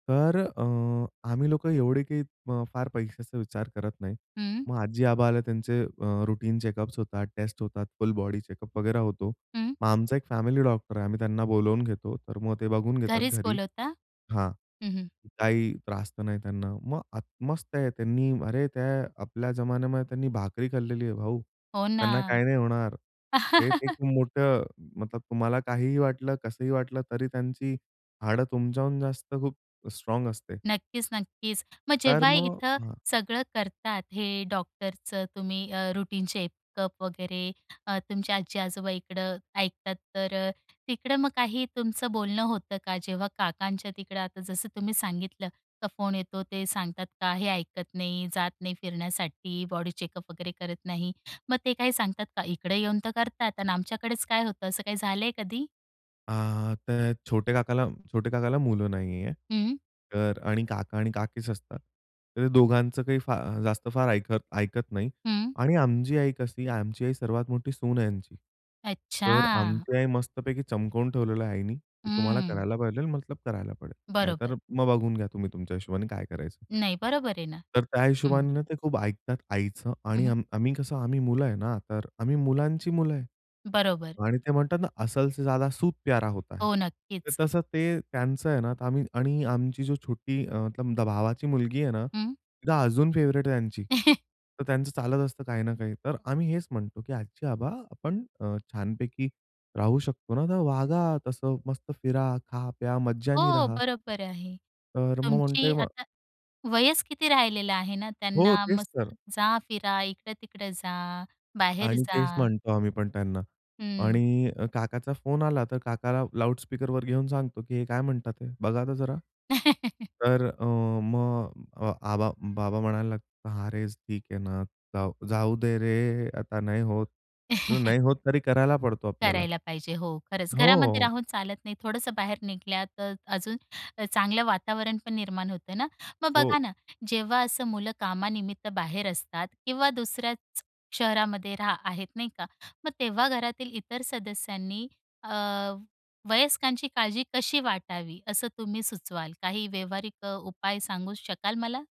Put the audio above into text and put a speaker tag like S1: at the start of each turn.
S1: तर अ, आम्ही लोकं एवढे काही अ, फार पैशाचा विचार करत नाही.
S2: हं.
S1: मग आजी-आबा आले, त्यांचे अ, रुटीन चेकअप्स होतात, टेस्ट होतात, फुल बॉडी चेकअप वगैरे होतो.
S2: हं.
S1: मग आमचा एक फॅमिली डॉक्टर आहे, आम्ही त्यांना बोलावून घेतो, तर मग ते बघून घेतात
S2: घरीच
S1: घरी.
S2: बोलवता?
S1: हां,
S2: हं, हं.
S1: काही त्रास तर नाही त्यांना. मग आता मस्त आहे. त्यांनी अरे, त्या आपल्या जमान्यामध्ये त्यांनी भाकरी खाल्लेली आहे भाऊ,
S2: हो
S1: त्यांना
S2: ना.
S1: काही नाही होणार. ते एक मोठं तुम्हाला काहीही वाटलं, कसंही वाटलं तरी त्यांची हाडं तुमच्याहून जास्त, खूप स्ट्राँग असते.
S2: नक्कीच-नक्कीच. मग
S1: तर
S2: जेव्हाही
S1: मग
S2: इथं
S1: हां.
S2: सगळं करतात हे डॉक्टरचं, तुम्ही अ, रुटीन चेकअप वगैरे, तुमच्या आजी-आजोबा इकडं ऐकतात, तर तिकडं मग काही तुमचं बोलणं होतं का? जेव्हा काकांच्या तिकडं आता जसं तुम्ही सांगितलं का फोन येतो ते सांगतात का हे ऐकत नाही, जात नाही फिरण्यासाठी, बॉडी चेकअप वगैरे करत नाही, मग ते काय सांगतात का? इकडे येऊन तर करतात आणि आमच्याकडेच काय होतं, असं काही झालंय कधी?
S1: आ ते छोटे काकाला छोटे काकाला मुलं नाहीये.
S2: हं.
S1: तर आणि काका आणि काकीच असतात. तर ते दोघांचं काही जास्त फार ऐक ऐकत नाही
S2: हं.
S1: आणि आमची आई कशी, आमची आई सर्वात मोठी सून आहे यांची. तर
S2: अच्छा!
S1: आमची आई मस्तपैकी चमकवून ठेवलेलं आईनी, की तुम्हाला
S2: हम्म.
S1: करायला पाहिजेल मतलब करायला पडेल.
S2: बरोबर.
S1: नाहीतर मग बघून घ्या, तुम्ही तुमच्या हिशोबाने काय करायचं.
S2: नाही, बरोबर आहे ना.
S1: तर त्या
S2: हं.
S1: हिशोबाने ते खूप ऐकतात आईचं
S2: हं,
S1: आणि
S2: हं.
S1: आम्ही कसं आम्ही मुलं आहे ना, तर आम्ही मुलांची मुलं आहे
S2: बरोबर.
S1: आणि ते म्हणतात ना, "असल से ज्यादा सूद प्यारा होता है."
S2: हो
S1: तर
S2: नक्कीच.
S1: तसं ते त्यांचं आहे ना. तर आम्ही आणि आमची छोटी अ, मतलब भावाची मुलगी आहे ना,
S2: हं.
S1: ती अजून फेव्हरेट आहे त्यांची. तर त्यांचं चालत असतं काही ना काही. तर आम्ही हेच म्हणतो की "आजी-आबा आपण अ, छानपैकी राहू शकतो ना, तर वागा तसं मस्त फिरा, खा-प्या, मज्जेने
S2: हो
S1: राहा."
S2: बरोबर आहे.
S1: तर अ, मग म्हणते
S2: तुमची
S1: मग
S2: आता वयच किती राहिलेलं आहे ना.
S1: हो
S2: त्यांना
S1: तेच तर.
S2: मस्त जा फिरा, इकडं-तिकडं जा, बाहेर
S1: आणि
S2: जा.
S1: तेच म्हणतो आम्ही पण त्यांना.
S2: हं.
S1: आणि अ, काकाचा फोन आला तर काकाला लाउडस्पीकरवर घेऊन सांगतो, की हे काय म्हणतात हे, बघा तर जरा. तर अ, मग आबा बाबा म्हणायला लागतात, "हां रे ठीक आहे ना, जाऊ दे रे आता नाही होत नाही होत तरी करायला पडतो आपल्याला. हो.
S2: करायला पाहिजे हो, खरंच. घरामध्ये
S1: हो.
S2: राहून चालत नाही, थोडंसं बाहेर निघालं तर अजून चांगलं वातावरण पण निर्माण होतंय ना. मग
S1: हो.
S2: बघा ना, जेव्हा असं मुलं कामानिमित्त बाहेर असतात किंवा दुसऱ्याच शहरामध्ये राह आहेत, नाही का. मग तेव्हा घरातील इतर सदस्यांनी अ, वयस्कांची काळजी कशी वाटावी, असं तुम्ही सुचवाल? काही व्यावहारिक अ, उपाय सांगू शकाल मला?